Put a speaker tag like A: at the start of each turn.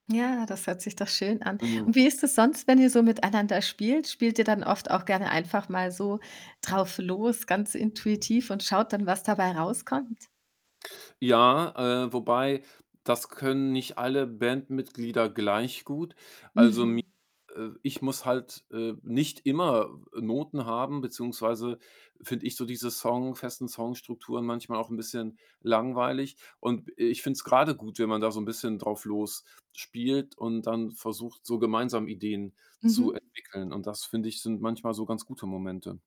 A: Ja, das hört sich doch schön an.
B: Hm.
A: Und wie ist es sonst, wenn ihr so miteinander spielt? Spielt ihr dann oft auch gerne einfach mal so drauflos, ganz intuitiv und schaut dann, was dabei rauskommt?
B: Ja, äh, wobei das können nicht alle Bandmitglieder gleich gut.
A: Mhm.
B: Also mi äh, ich muss halt, äh, nicht immer, äh, Noten haben, beziehungsweise finde ich so diese Song festen Song-Strukturen manchmal auch 'n bisschen langweilig. Und, äh, ich finde es grade gut, wenn man da so 'n bisschen drauf losspielt und dann versucht, so gemeinsam Ideen zu
A: Mhm.
B: entwickeln. Und das, finde ich, sind manchmal so ganz gute Momente.